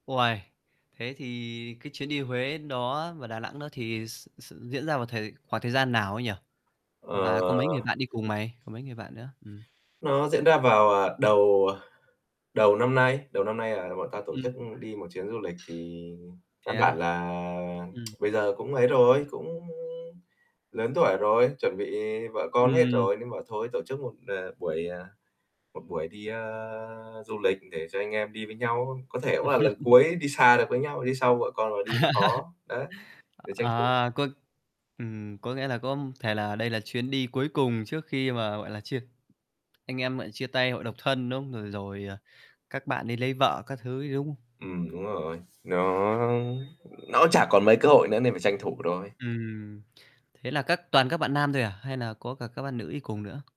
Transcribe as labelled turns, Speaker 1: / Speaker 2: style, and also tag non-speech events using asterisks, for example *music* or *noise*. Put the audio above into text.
Speaker 1: Uầy! Thế thì cái chuyến đi Huế đó và Đà Nẵng nữa thì s s diễn ra vào thời khoảng thời gian nào ấy nhỉ?
Speaker 2: Ờ.
Speaker 1: Và có mấy người bạn đi cùng mày, có mấy người bạn nữa? Ừm.
Speaker 2: Nó diễn ra vào, à, đầu, à, đầu năm nay, đầu năm nay là bọn tao tổ
Speaker 1: Ưm.
Speaker 2: chức, ưm, đi một chuyến du lịch thì căn
Speaker 1: Thế
Speaker 2: bản
Speaker 1: á?
Speaker 2: là
Speaker 1: Ừm.
Speaker 2: *tsk* bây giờ cũng ấy rồi, cũng lớn tuổi rồi, chuẩn bị vợ con hết
Speaker 1: Ừm.
Speaker 2: rồi nên bảo thôi tổ chức một, ờ, buổi, ờ, một buổi đi, ờ, du lịch để cho anh em đi với nhau. Có thể cũng là lần
Speaker 1: *chuckles*
Speaker 2: cuối đi xa được với nhau, đi sau vợ con mà đi nó khó. Đấy,
Speaker 1: *laughs*
Speaker 2: để tranh thủ, ờ
Speaker 1: Ờ, có ừm, có nghĩa là có, ưm, thể là đây là chuyến đi cuối cùng trước khi mà, gọi là, chia anh em, gọi là, chia tay hội độc thân, đúng không? Rồi rồi, ờ, các bạn đi lấy vợ các thứ ấy, đúng không?
Speaker 2: Ừm, đúng rồi, nó nó cũng chả còn mấy cơ hội nữa nên phải tranh thủ thôi.
Speaker 1: Ừm, thế là các toàn các bạn nam thôi à? Hay nà có cả các bạn nữ đi cùng nữa?